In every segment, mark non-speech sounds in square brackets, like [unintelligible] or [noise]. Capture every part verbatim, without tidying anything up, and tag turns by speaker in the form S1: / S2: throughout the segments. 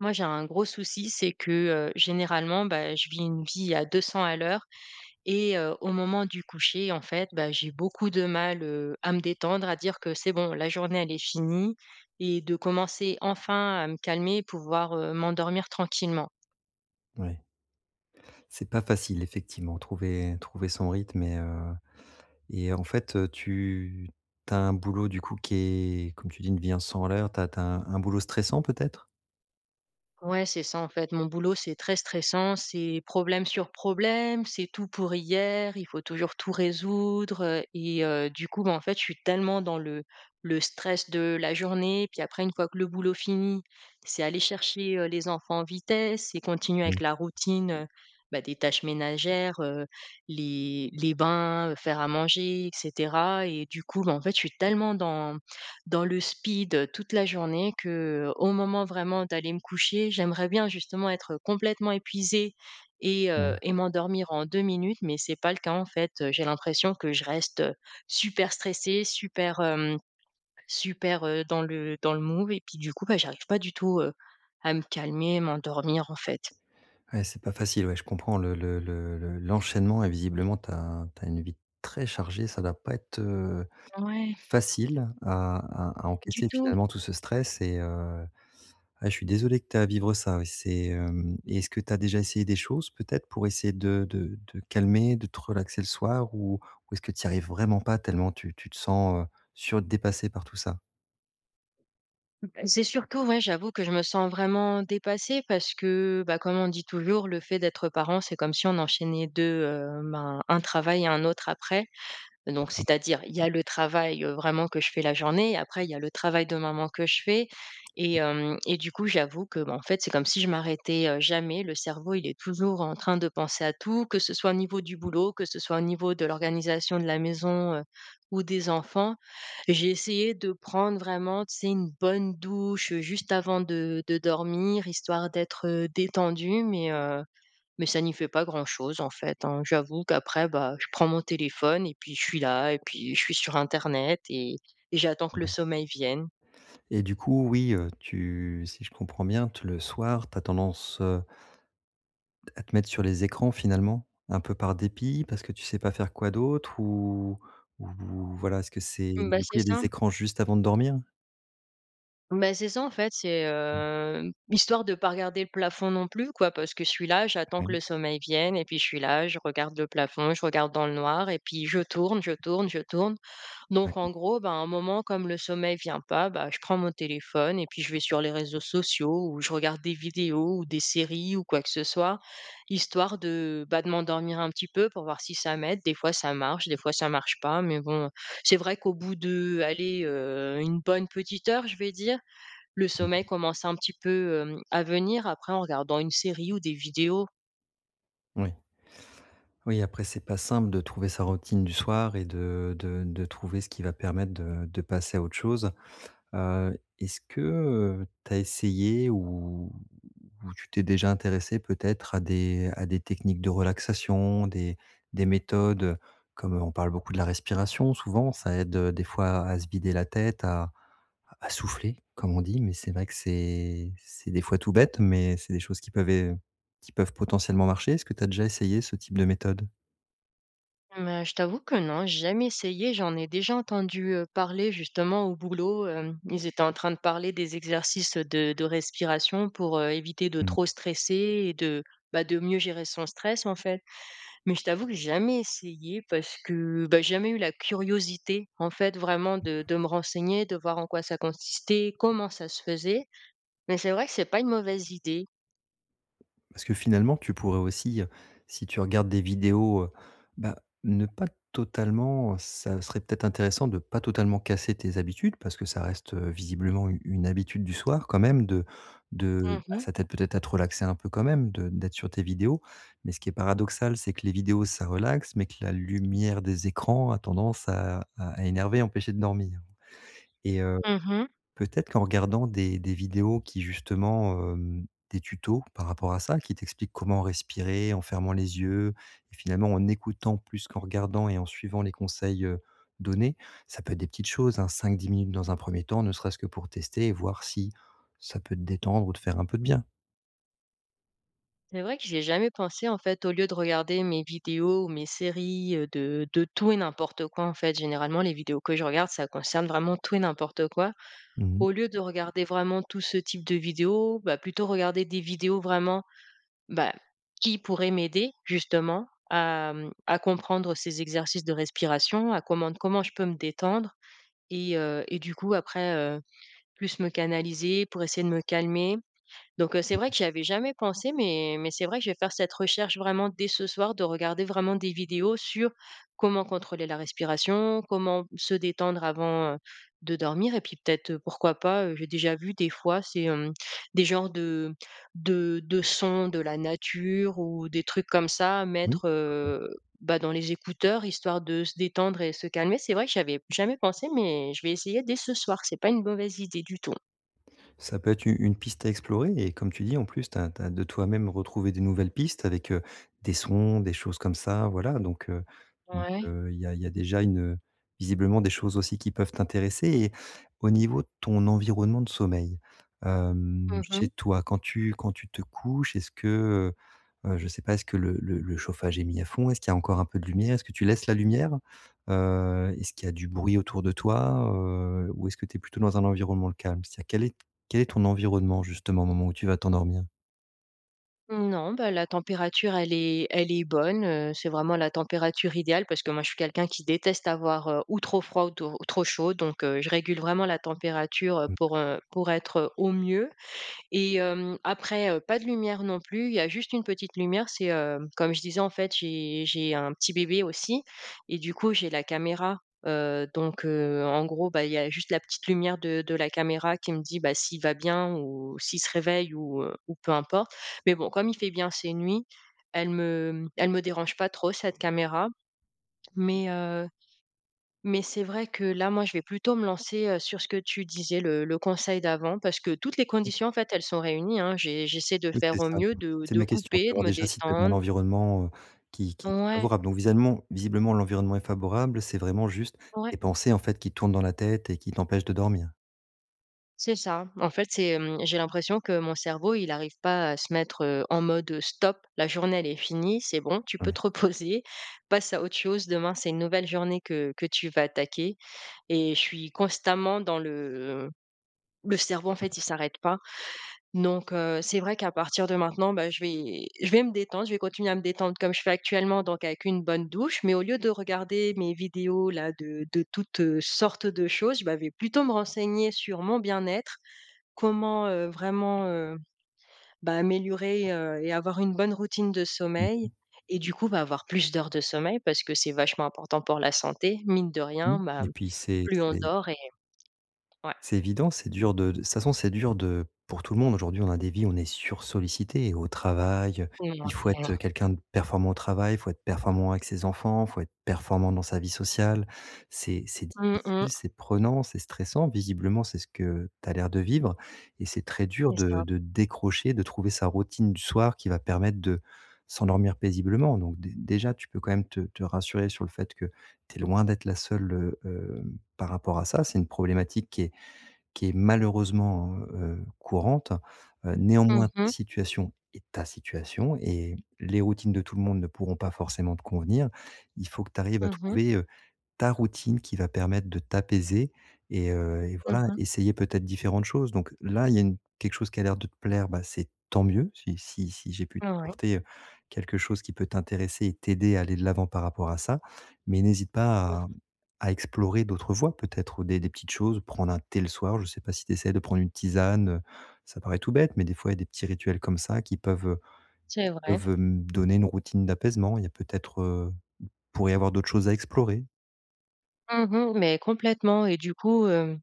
S1: Moi, j'ai un gros souci, c'est que, heu généralement bah je vis une vie à deux cents à l'heure et heu, au moment du coucher, en fait, bah, j'ai beaucoup de mal, heu, à me détendre, à dire que: «C'est bon la journée elle est finie» et de commencer enfin à me calmer, pouvoir, heu, m'endormir tranquillement.
S2: Oui. C'est pas facile effectivement, trouver trouver son rythme et heu et en fait heu, tu tu as un boulot du coup, qui est, comme tu dis, une vie un cent à l'heure, tu as tu as un boulot stressant, peut-être?
S1: Ouais, c'est ça, en fait mon boulot c'est très stressant, c'est problème sur problème, c'est tout pour hier. Il faut toujours tout résoudre, heu et heu, du coup moi, en fait, je suis tellement dans le le stress de la journée. Puis après une fois que le boulot fini, c'est aller chercher, heu, les enfants en vitesse et continuer avec
S2: Mmh.
S1: la routine, heu bah, des tâches ménagères, heu, les les bains, heu, faire à manger et cetera et du coup, bah en fait, je suis tellement dans dans le speed, heu, toute la journée qu'au moment vraiment d'aller me coucher, j'aimerais bien justement être, heu, complètement épuisée et heu
S2: Mmh.
S1: et m'endormir en deux minutes. Mais c'est pas le cas en fait, heu, j'ai l'impression que je reste, heu, super stressée, super, hem, super, heu, dans le dans le move et puis du coup, bah, j'arrive pas du tout, heu, à me calmer, m'endormir en fait.
S2: Ouais c'est pas facile ouais, je comprends le le le le
S1: [unintelligible]
S2: l'enchaînement et visiblement, tu as tu as une vie très chargée. Ça doit pas être, heu,
S1: Ouais.
S2: facile à à à
S1: Du
S2: encaisser
S1: tout.
S2: finalement, tout ce stress et heu, ouais je suis désolé que tu es à vivre ça, oui c'est, hem et est-ce que tu as déjà essayé des choses peut-être, pour essayer de de de calmer, de te relaxer le soir ou ou est-ce que tu y arrives vraiment pas, tellement tu tu te sens, heu, sur dépasser par tout ça?
S1: C'est surtout, ouais, j'avoue que je me sens vraiment dépassée parce que bah, comme on dit, toujours «Le fait d'être parent, c'est comme si on enchaînait deux, heu, ben, un travail et un autre après,» donc
S2: D'accord.
S1: c'est-à-dire il y a le travail, heu, vraiment que je fais la journée, après il y a le travail de maman que je fais et hem, et du coup, j'avoue que, bah, en fait, c'est comme si je m'arrêtais, heu, jamais, le cerveau il est toujours en train de penser à tout, que ce soit au niveau du boulot, que ce soit au niveau de l'organisation de la maison, heu, ou des enfants. J'ai essayé de prendre vraiment, tu sais, une bonne douche juste avant de de dormir, histoire d'être, heu, détendue mais heu, mais ça n'y fait pas grand-chose, en fait, hein, j'avoue qu'après, bah, je prends mon téléphone et puis je suis là et puis je suis sur internet et et j'attends que le
S2: Mouais.
S1: sommeil vienne.
S2: Et du coup, oui, heu, tu si je comprends bien t le soir, tu as tendance, heu à te mettre sur les écrans, finalement, un peu par dépit parce que tu sais pas faire quoi d'autre ou ou voilà, est-ce que c'est
S1: Bah,
S2: du coup, il
S1: c'est
S2: y a des
S1: ça.
S2: écrans juste avant de dormir?
S1: Beh, c'est ça, en fait, c'est, heu, histoire de pas regarder le plafond non plus, quoi. Parce que je suis là, j'attends que le
S2: [unintelligible]
S1: sommeil vienne et puis je suis là, je regarde le plafond, je regarde dans le noir et puis je tourne je tourne je tourne, donc en
S2: D'accord.
S1: gros, bah, à un moment comme le sommeil vient pas, bah, je prends mon téléphone et puis je vais sur les réseaux sociaux où je regarde des vidéos ou des séries ou quoi que ce soit, histoire de, bah, de m'endormir un petit peu pour voir si ça m'aide, des fois, ça marche, des fois ça marche pas mais bon, c'est vrai qu'au bout de allez, heu, Une bonne petite heure, je vais dire, le sommeil commence un petit peu, mmh, à venir après en regardant une série ou des vidéos.
S2: Ouais. Oui, après c'est pas simple de trouver sa routine du soir et de de de trouver ce qui va permettre de de passer à autre chose. Heu, est-ce que, heu, tu as essayé ou ou tu t'es déjà intéressée peut-être à des à des techniques de relaxation, des des méthodes? Comme on parle beaucoup de la respiration, souvent, ça aide, heu, des fois à se vider la tête, à à à souffler, comme on dit. Mais c'est vrai que c'est c'est des fois tout bête, mais c'est des choses qui peuvent é qui peuvent potentiellement marcher. Est-ce que tu as déjà essayé ce type de méthode?
S1: Mmh ben, je t'avoue que non, j'ai jamais essayé. J'en ai déjà entendu, heu, parler, justement au boulot, hem, ils étaient en train de parler des exercices de de respiration pour, heu, éviter de
S2: Mmh.
S1: trop stresser et de, bah, de mieux gérer son stress, en fait. Mais je t'avoue que j'ai jamais essayé parce que, bah, j'ai jamais eu la curiosité en fait vraiment de
S2: [unintelligible]
S1: de me renseigner, de voir en quoi ça consistait, comment ça se faisait, mais c'est vrai que c'est pas une mauvaise idée.
S2: Parce que finalement tu pourrais aussi, heu, si tu regardes des vidéos heu, bah, ne pas totalement, heu ça serait peut-être intéressant de pas totalement casser tes habitudes, parce que ça reste, heu, visiblement u une habitude du soir, quand même, de de
S1: Mmh
S2: bah,
S1: mh.
S2: ça t'aide peut être à te relaxer un peu quand même, de d'être sur tes vidéos. Mais ce qui est paradoxal, c'est que les vidéos ça relaxe, mais que la lumière des écrans a tendance à à à énerver et empêcher de dormir et heu,
S1: Mmh mh.
S2: peut-être qu'en regardant des des vidéos qui justement, hem, des tutos par rapport à ça, qui t'expliquent comment respirer en fermant les yeux et finalement en écoutant plus qu'en regardant et en suivant les conseils, heu, donnés- ça peut être des petites choses, hein: cinq-dix minutes dans un premier temps, ne serait-ce que pour tester et voir si ça peut te détendre ou te faire un peu de bien.
S1: C'est vrai que j'y ai jamais pensé, en fait, au lieu de regarder mes vidéos ou, mes séries, heu, de de tout et n'importe quoi, en fait, généralement les vidéos que je regarde, ça concerne vraiment tout et n'importe quoi.
S2: Mmh mh.
S1: Au lieu de regarder vraiment tout ce type de vidéos, bah, plutôt regarder des vidéos vraiment, bah, qui pourraient m'aider, justement, à mmh, à comprendre ces exercices de respiration, à comment comment je peux me détendre et heu, et du coup après, heu, plus me canaliser pour essayer de me calmer. Donc heu, c'est
S2: Mmh
S1: vrai
S2: mh.
S1: que j'y avais jamais pensé mais mais c'est vrai que je vais faire cette recherche vraiment dès ce soir de regarder vraiment des vidéos sur comment contrôler la respiration, comment se détendre avant, heu, de dormir, et puis peut-être, heu, pourquoi pas, heu- j'ai déjà vu des fois c'est, hem, des genres de de de sons de la nature ou des trucs comme ça-
S2: Oui..
S1: mettre,
S2: [unintelligible]
S1: heu, bah, dans les écouteurs histoire de se détendre et se calmer. C'est vrai que j'y avais jamais pensé, mais je vais essayer dès ce soir, c'est pas une mauvaise idée du tout.
S2: Ça peut être une une piste à explorer et comme tu dis, en plus tu as tu as de toi-même retrouvé des nouvelles pistes avec, heu, des sons, des choses comme ça, voilà. Donc heu, donc
S1: Ouais.
S2: heu, il y a il y a déjà une, heu, visiblement des choses aussi qui peuvent t'intéresser et au niveau de ton environnement de sommeil: hem,
S1: Mmh
S2: chez,
S1: mh.
S2: toi quand tu quand tu te couches, est-ce que, heu, heu, je sais pas, est-ce que le le le chauffage est mis à fond, est-ce qu'il y a encore un peu de lumière, est-ce que tu laisses la lumière? Heu, est-ce qu'il y a du bruit autour de toi, heu, ou est-ce que tu es plutôt dans un environnement calme? C'est-à-dire quel est t quel est ton environnement, justement, au moment où tu vas t'endormir?
S1: Mmh, non, bah, la température, elle est elle est bonne, heu, c'est vraiment la température idéale parce que moi, je suis quelqu'un qui déteste avoir, heu, ou trop froid ou to trop chaud donc heu, je régule vraiment la température, heu,
S2: Mmh.
S1: pour, heu, pour être, heu, au mieux et hem, après, heu, pas de lumière non plus. Il y a juste une petite lumière, c'est, hem, comme je disais, en fait, j'ai j'ai un petit bébé aussi et du coup, j'ai la caméra, heu, donc heu, en gros, bah, il y a juste la petite lumière de de la caméra qui me dit, bah, s'il va bien ou s'il se réveille ou heu, ou peu importe mais bon, comme il fait bien ses nuits. Elle me elle me dérange pas trop, cette caméra mais heu, mais c'est vrai que là, moi, je vais plutôt me lancer, heu, sur ce que tu disais, le le conseil d'avant, parce que toutes les
S2: OK.
S1: conditions, en fait, elles sont réunies, hein. J'ai j'essaie de
S2: Oui,
S1: faire
S2: c'est
S1: au
S2: ça,
S1: mieux
S2: hem,
S1: de
S2: c'est
S1: de
S2: ma question,
S1: couper, de
S2: savoir
S1: me
S2: déjà si tu es dans un
S1: détendre.
S2: environnement, heu, qui qui
S1: Ouais.
S2: favorable? Donc visuellement, visiblement, l'environnement est favorable, c'est vraiment juste
S1: Ouais.
S2: tes pensées, en fait, qui tournent dans la tête et qui t'empêche de dormir?
S1: C'est ça. En fait, c'est, hem, j'ai l'impression que mon cerveau, il arrive pas à se mettre, heu, en mode, heu: «Stop, la journée, elle est finie. C'est bon, tu peux
S2: Hem
S1: te reposer, passe à autre chose. Demain, c'est une nouvelle journée que que tu vas attaquer» et je suis constamment dans le le cerveau, en fait, il s'arrête pas, donc heu, c'est vrai qu'à partir de maintenant, bah, je vais je vais me détendre, je vais continuer à me détendre comme je fais actuellement donc avec une bonne douche, mais au lieu de regarder mes vidéos-là de de toutes, heu, sortes de choses, bah, je vais plutôt me renseigner sur mon bien-être, comment, heu, vraiment, heu, bah, améliorer, heu, et avoir une bonne routine de
S2: Mmh
S1: sommeil
S2: mh.
S1: et du coup, bah avoir plus d'heures de sommeil parce que c'est vachement important pour la santé, mine de
S2: Mmh
S1: rien, bah,
S2: et
S1: mmh,
S2: puis, c'est
S1: plus on
S2: c'est
S1: dort et ouais.
S2: c'est évident, c'est dur de de de toute façon, c'est dur de pour tout le monde, aujourd'hui, on a des vies. On est sursollicités et au travail, heu, il faut être,
S1: Mouais.
S2: heu, quelqu'un de performant au travail, il faut être performant avec ses enfants, il faut être performant dans sa vie sociale. C'est c'est
S1: Mmh
S2: difficile,
S1: mh.
S2: c'est prenant, c'est stressant, visiblement, c'est ce que tu as l'air de vivre et c'est très dur
S1: C'est
S2: de
S1: ça.
S2: de décrocher, de trouver sa routine du soir qui va permettre de s'endormir paisiblement, donc dé déjà, tu peux quand même te te rassurer sur le fait que tu es loin d'être la seule, heu, hem, par rapport à ça. C'est une problématique qui est qui est malheureusement, heu heu, courante. Heu,
S1: Mmh
S2: néanmoins, ta
S1: mh.
S2: situation est ta situation et les routines de tout le monde ne pourront pas forcément te convenir. Il faut que tu arrives à
S1: Mmh mh.
S2: trouver, heu, ta routine qui va permettre de t'apaiser et heu, et
S1: Mmh
S2: voilà,
S1: mh.
S2: essayer peut-être différentes choses, donc heu, là, il y a une quelque chose qui a l'air de te plaire, bah, c'est tant mieux, si si si j'ai pu
S1: Ouais.
S2: t'apporter, heu, quelque chose qui peut t'intéresser et t'aider à aller de l'avant par rapport à ça, mais n'hésite pas
S1: Mmh.
S2: à, mmh, à explorer d'autres voies peut-être, des des petites choses, prendre un thé le soir, je sais pas si tu essaies de prendre une tisane. Heu, ça paraît tout bête, mais des fois, il y a des petits rituels comme ça qui peuvent, heu,
S1: C'est vrai.
S2: peuvent, hem, donner une routine d'apaisement. Il y a peut-être, heu, il pourrait y avoir d'autres choses à explorer.
S1: Mmh mh mais complètement et du coup, hem,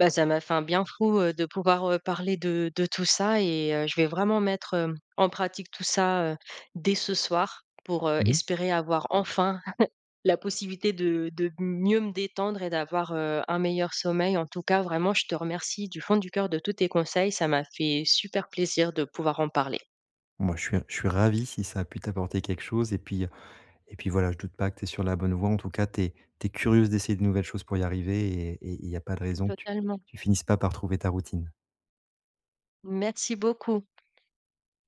S1: bah, ça m'a fait un bien fou, heu, de pouvoir, heu, parler de de tout ça et heu, je vais vraiment mettre, hem, en pratique tout ça, heu, dès ce soir pour, heu,
S2: Mmh mh.
S1: espérer avoir enfin [chuckles] la possibilité de de m mieux me détendre et d'avoir, heu, un meilleur sommeil. En tout cas, vraiment, je te remercie, du fond du cœur, de tous tes conseils. Ça m'a fait super plaisir de pouvoir en parler.
S2: Moi je suis je suis ravi si ça a pu t'apporter quelque chose et puis, heu, et puis, voilà, je doute pas que tu es sur la bonne voie, en tout cas, tu es tu es curieuse d'essayer de nouvelles choses pour y arriver et et il y a pas de raison que tu
S1: Totalement.
S2: tu finisses pas par trouver ta routine.
S1: Merci beaucoup.